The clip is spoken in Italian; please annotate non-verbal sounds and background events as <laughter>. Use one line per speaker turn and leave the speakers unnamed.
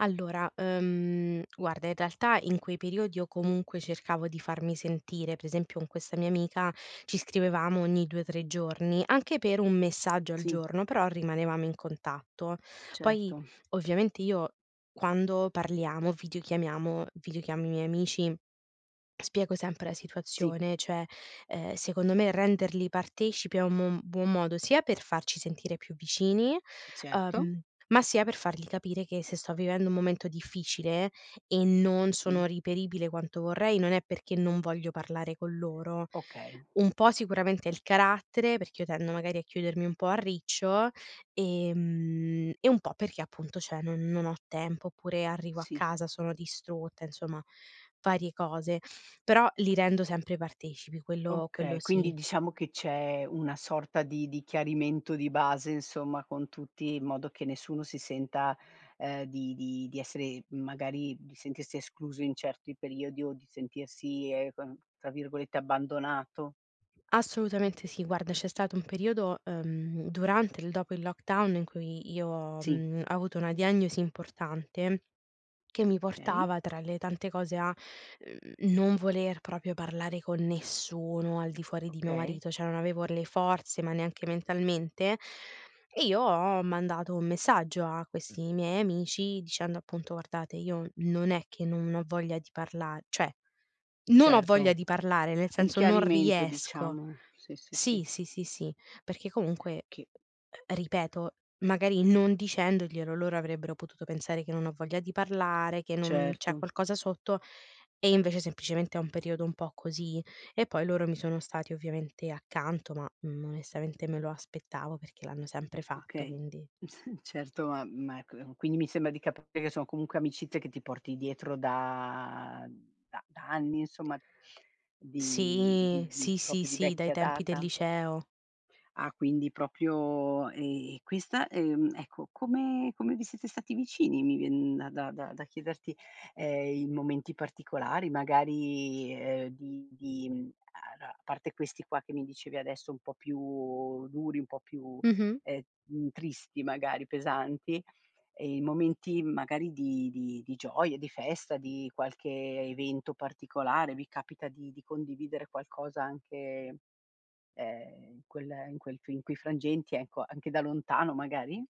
Allora, uhm, guarda, in realtà, in quei periodi io comunque cercavo di farmi sentire, per esempio con questa mia amica ci scrivevamo ogni 2, 3 giorni, anche per un messaggio al
Sì.
giorno, però rimanevamo in contatto. Poi
Certo.
ovviamente io quando parliamo, video chiamiamo video chiamo i miei amici, spiego sempre la
Sì.
situazione, cioè, ehm, secondo me renderli partecipi è un mon buon modo sia per farci sentire più vicini,
Certo.
uhm, ma sia per fargli capire che se sto vivendo un momento difficile e non sono
Sì.
reperibile quanto vorrei, non è perché non voglio parlare con loro.
Okay.
Un po' sicuramente è il carattere, perché io tendo magari a chiudermi un po' a riccio e mhmm, e un po' perché, appunto, cioè, non non ho tempo; oppure arrivo a
Sì.
casa, sono distrutta, insomma varie cose. Però li rendo sempre partecipi, quello quello
Okay,
sì.
quindi diciamo che c'è una sorta di di chiarimento di base, insomma, con tutti in modo che nessuno si senta, ehm, di di di essere magari di sentirsi escluso in certi periodi o di sentirsi, ehm, tra virgolette "abbandonato".
Assolutamente sì, guarda, c'è stato un periodo, uhm, durante e il dopo il lockdown in cui io,
Sì.
mhmm, ho avuto una diagnosi importante che mi
Okay.
portava tra le tante cose a n non voler proprio parlare con nessuno al di fuori di mio
Okay.
marito, cioè non avevo le forze, ma neanche mentalmente e io ho mandato un messaggio a questi miei amici dicendo, appunto: "Guardate, io non è che non ho voglia di parla cioè non ho voglia
Certo,
di parlare, nel
un
senso, non
chiarimento,
riesco".
diciamo, sì, sì,
Sì,
sì.
sì, sì, sì, perché comunque,
Che
ehm, ripeto, magari non dicendoglielo, loro avrebbero potuto pensare che non ho voglia di parlare, che non c'è
Certo.
qualcosa sotto e, invece, semplicemente è un periodo un po' così. E poi loro mi sono stati ovviamente accanto, ma, mhmm, onestamente me lo aspettavo perché l'hanno sempre fatto,
Okay,
quindi
<snorts> certo, ma ma, ecco, quindi mi sembra di capire che sono comunque amicizie che ti porti dietro da da da anni, insomma, di
Sì,
di di
sì, sì,
proprio di
sì dai
vecchia
tempi del
data.
liceo.
Ah, quindi proprio e questa, ehm, ecco, come come vi siete stati vicini? Mi viene da da da da chiederti, ehm, in momenti particolari, magari, ehm, di di a a parte questi qua che mi dicevi adesso un po' più duri, un po' più,
Mh-mh.
ehm, tristi magari, pesanti, e in momenti magari di di di gioie, di festa, di qualche evento particolare, vi capita di di condividere qualcosa anche, ehm, in quel in quel fi in quei frangenti, ecco, anche da lontano magari?